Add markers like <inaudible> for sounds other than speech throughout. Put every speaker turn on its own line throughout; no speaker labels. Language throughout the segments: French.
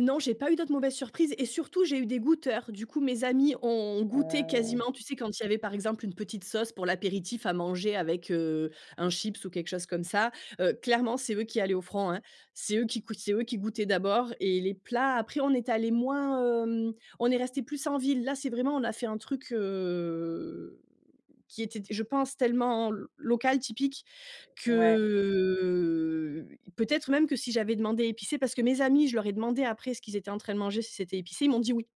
Non, j'ai pas eu d'autres mauvaises surprises et, surtout, j'ai eu des goûteurs. Du coup, mes amis ont goûté
Heu
quasiment tu sais, quand il y avait, par exemple, une petite sauce pour l'apéritif à manger avec, heu, un chips ou quelque chose comme ça, heu, clairement, c'est eux qui allaient au front, hein, c'est eux qui cou c'est eux qui goûtaient d'abord. Et les plats, après, est allés moins, hem on est restés plus en ville. Là, c'est vraiment on a fait un truc, heu, qui était d je pense, tellement l local, typique
Ouais.
que peut-être même que si j'avais demandé épicé parce que mes amis, je leur ai demandé après ce qu'ils étaient en train de manger, si c'était épicé, ils m'ont dit oui.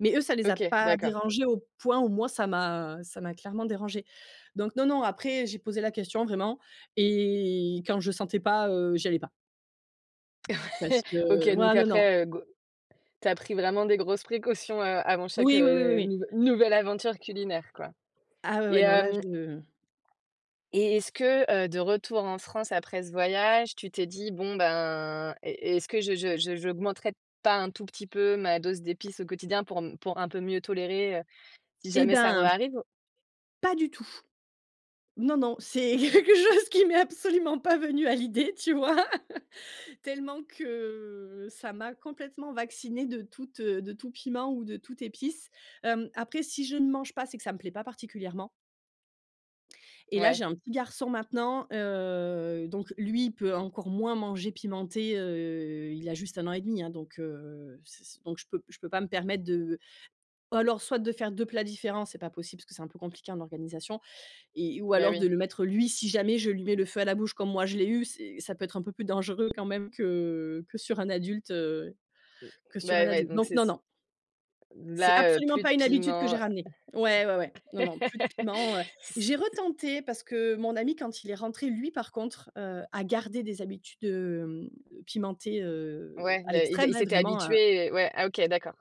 Mais eux, ça les a
OK,
pas
d'accord.
dérangés au point où moi, ça m'a ça m'a clairement dérangée. Donc non, non, après, j'ai posé la question, vraiment. Et quand je sentais pas, heu, j'y allais pas.
<chuckles>
Parce
OK,
que
donc
voilà, non, non.
après, heu, go tu as pris vraiment des grosses précautions a avant chaque,
Oui, oui, oui, oui,
heu,
oui.
nouv nouvelle aventure culinaire, quoi.
Ah ouais,
Et,
ouais, non là,
hem
je
et est-ce que, heu, de retour en France, après ce voyage, tu t'es dit: «Bon, ben, est est-ce que je je je j'augmenterais pas un tout petit peu ma dose d'épices au quotidien, pour pour un peu mieux tolérer, heu, si
Eh
jamais ça
ben
re-arrive»?
pas du tout. Non, non, c'est quelque chose qui m'est absolument pas venu à l'idée, tu vois? <chuckles> Tellement que ça m'a complètement vaccinée de toute, heu, de tout piment ou de toute épice. Hem, après, si je ne mange pas, c'est que ça me plaît pas particulièrement. Et là,
Ouais.
j'ai un petit garçon maintenant. Heu, donc lui, il peut encore moins manger pimenté, heu, il a juste un an et demi, hein, donc, heu, s s donc je peux je peux pas me permettre de alors, soit de faire 2 plats différents, c'est pas possible parce que c'est un peu compliqué en organisation et ou
Beh,
alors de
oui.
le mettre, lui, si jamais je lui mets le feu à la bouche comme moi je l'ai eu, c'est ça peut être un peu plus dangereux, quand même, que que sur un adulte, heu, que
Beh
sur un
Ouais, ouais
adulte.
donc
Donc
c'est
non,
s
non. C'est
Là, heu,
absolument
plus de
pas une habitude que
piment,
j'ai
heu,
ramenée. Ouais, ouais, ouais. Non, non, plus de piment, heu.
<chuckles> s
J'ai retenté, parce que mon ami, quand il est rentré, lui, par contre, heu, a gardé des habitudes, hem, pimentées, heu,
Ouais,
à
beh il beh
l'extrême,
il
hein,
s'était
vraiment, heu.
habitué, heu Ouais. Ah, OK, d'accord.